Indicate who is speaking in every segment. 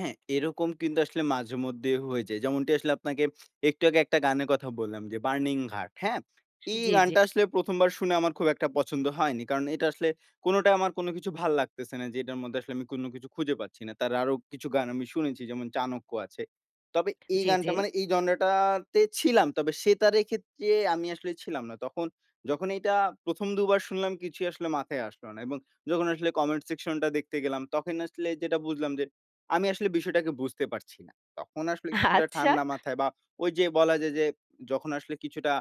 Speaker 1: হ্যাঁ, এরকম কিন্তু আসলে মাঝেমধ্য হয়েছে। যেমনটি আসলে আপনাকে একটু আগে একটা গানের কথা বললাম যে "বার্নিং ঘাট।" হ্যাঁ এই
Speaker 2: জি, জি।
Speaker 1: গানটা আসলে ১ম বার শুনে আমার খুব একটা পছন্দ হয়নি। কারণ এটা আসলে কোনটাই আমার কোন কিছু ভাল লাগতেছে না যে এটার মধ্যে আসলে আমি কোন কিছু খুঁজে পাচ্ছি না। তার আরো কিছু গান আমি শুনেছি যেমন "চাণক্য" আছে। তবে এই
Speaker 2: জি, জি।
Speaker 1: গানটা মানে এই জনরাটাতে ছিলাম। তবে সেতার এর ক্ষেত্রে আমি আসলে ছিলাম না। তখন যখন এটা ১ম দুবার শুনলাম কিছুই আসলে মাথায় আসলো না এবং যখন আসলে কমেন্ট সেকশন টা দেখতে গেলাম তখন আসলে যেটা বুঝলাম যে আমি আসলে বিষয়টাকে বুঝতে পারছি না। তখন আসলে কিছুটা
Speaker 2: আচ্ছা।
Speaker 1: ঠান্ডা মাথায় বা ওই যে বলা যায় যে যখন আসলে কিছুটা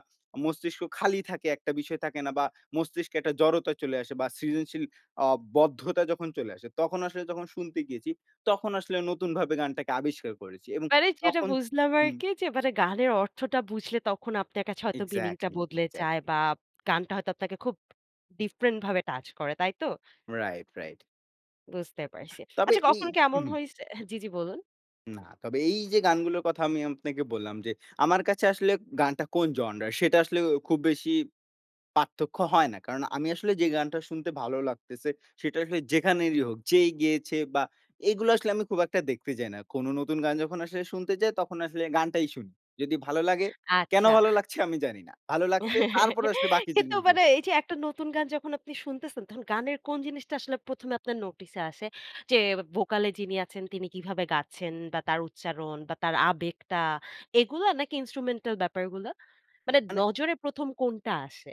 Speaker 1: মস্তিষ্ক খালি থাকে একটা বিষয় থাকে না বা মস্তিষ্কে একটা জড়তা চলে আসে বা সৃজনশীল অ বদ্ধতা যখন চলে আসে তখন আসলে যখন শুনতে গিয়েছি তখন আসলে নতুনভাবে গানটাকে আবিষ্কার করেছি এবং
Speaker 2: মানে যেটা
Speaker 1: তখন
Speaker 2: বুঝলাম আর
Speaker 1: হু।
Speaker 2: কি যে মানে গানের অর্থটা বুঝলে তখন আপনার কাছে হয়তো মিনিং টা
Speaker 1: এক্সাক্টলি,
Speaker 2: বদলে যায়
Speaker 1: এক্সাক্টলি।
Speaker 2: বা গানটা হয়তো আপনাকে খুব ডিফারেন্ট ভাবে টাচ করে। তাই তো?
Speaker 1: Right, right.
Speaker 2: বুঝতে পারছি।
Speaker 1: তবে
Speaker 2: আচ্ছা
Speaker 1: এই
Speaker 2: কখন
Speaker 1: হু,
Speaker 2: কেমন
Speaker 1: হু।
Speaker 2: হইছে জি, জি বলুন।
Speaker 1: না, তবে এই যে গানগুলোর কথা আমি আপনাকে বললাম যে আমার কাছে আসলে গানটা কোন জনরার সেটা আসলে খুব বেশি পার্থক্য হয় না। কারণ আমি আসলে যে গানটা শুনতে ভালো লাগতেছে সেটা আসলে যেখানেরই হোক যেই গেয়েছে বা এগুলো আসলে আমি খুব একটা দেখতে চাই না। কোন নতুন গান যখন আসলে শুনতে চাই তখন আসলে গানটাই শুনি। যদি ভালো লাগে কেন
Speaker 2: আচ্ছা।
Speaker 1: ভালো লাগছে আমি জানি না। ভালো লাগছে তারপরে আসলে বাকি
Speaker 2: কিন্তু
Speaker 1: জিনিসগুলো
Speaker 2: মানে
Speaker 1: দেখি।
Speaker 2: এই যে একটা নতুন গান যখন আপনি শুনতেছেন তখন গানের কোন জিনিসটা আসলে ১ম এ আপনার নোটিসে আসে যে ভোকালে যিনি আছেন তিনি কিভাবে গাচ্ছেন বা তার উচ্চারণ বা তার আবেগটা এগুলো নাকি ইন্সট্রুমেন্টাল ব্যাপারগুলো? মানে
Speaker 1: মানে
Speaker 2: নজরে ১ম কোনটা আসে?